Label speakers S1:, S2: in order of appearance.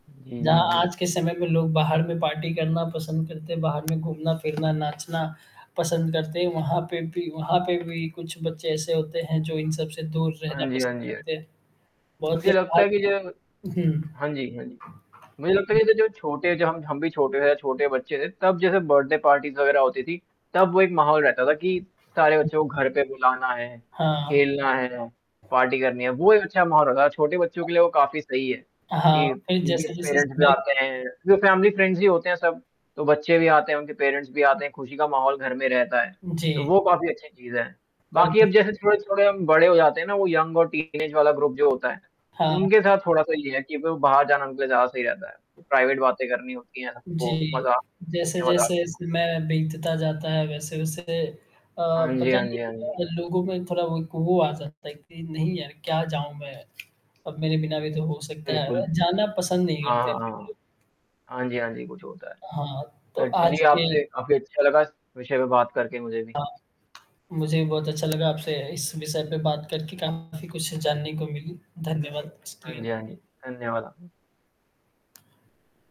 S1: जी,
S2: जहाँ
S1: जी, जी।
S2: आज के समय में लोग बाहर में पार्टी करना पसंद करते हैं, बाहर में घूमना-फिरना, नाचना पसंद करते हैं, वहाँ पे भी वहाँ पे भी कुछ बच्चे ऐसे होते हैं जो इन सब से दूर रहना
S1: हाँ जी, हाँ
S2: पसंद
S1: जी, अ
S2: करते हैं, बहुत
S1: मुझे
S2: लोग
S1: लगता है कि ज
S2: [unintelligible] हुँ।
S1: हाँ जी, हाँ जी। मुझे लगता है कि जै जो छोटे ज हम हम भी रहे या छोटे बच्चे थे, तब जैसे बर्थडे पार्टीज़ वग़ैरह होती थी, तब वो एक माहौल रहता था कि सारे बच्चों
S2: [unintelligible]
S1: को घर पे बुलाना है,
S2: हाँ, हाँ।
S1: खेलना है, पार्टी करनी है, वो एक अच्छा माहौल रहता था, छोटे बच्चों के लिए वो काफ़ी सही है
S2: हाँ,
S1: कि
S2: फिर
S1: उनके
S2: जैसे-जैसे
S1: पेरेंट्स भी
S2: समय
S1: आते हैं, वैसे हम भी फ्रेंड्स ही होते हैं सब, तो बच्चे भी आते हैं, उनके पेरेंट्स भी आते हैं, खुशी का माहौल घर में रहता है, तो
S2: जी।
S1: वो काफ़ी अच्छी चीज़ है,
S2: और
S1: बाकी अब
S2: जिस
S1: जैसे थोड़े थोड़े हम बड़े हो जाते हैं ना, वो यंग और टीनेज वाला ग्रुप जो होता है,
S2: हाँ।
S1: उनके साथ थोड़ा-सा ये है कि अब बाहर जाना उनके लिए ज़्यादा सही रहता है, प्राइवेट बातें करनी होती हैं, तो
S2: जी।
S1: मज़ा खुल के मज़ा
S2: जैसे-जैसे समय बीतता जाता है, वैसे-वैसे अ,
S1: हाँ जी,
S2: पता
S1: हाँ
S2: नहीं
S1: जी, हाँ जी।
S2: क्यों लोगों में थोड़ा वो आ जाता है कि नहीं यार क्या जाऊँ मैं, अब मेरे बिना भी तो हो सकता है,
S1: बिल्कुल।
S2: जाना पसंद नहीं
S1: हाँ,
S2: करते
S1: हाँ,
S2: फिर लोग।
S1: हाँ। हाँ जी, हाँ जी, कुछ होता है।
S2: हाँ, तो
S1: फिर
S2: आज
S1: चलिए
S2: के
S1: आपसे, काफ़ी अच्छा लगा इस विषय पे बात करके मुझे भी।
S2: हाँ, मुझे भी बहुत अच्छा लगा आपसे इस विषय पे बात करके, काफ़ी कुछ जानने को मिली, धन्यवाद इसके
S1: हाँ
S2: लिए।
S1: जी, हाँ जी। धन्यवाद [unintelligible]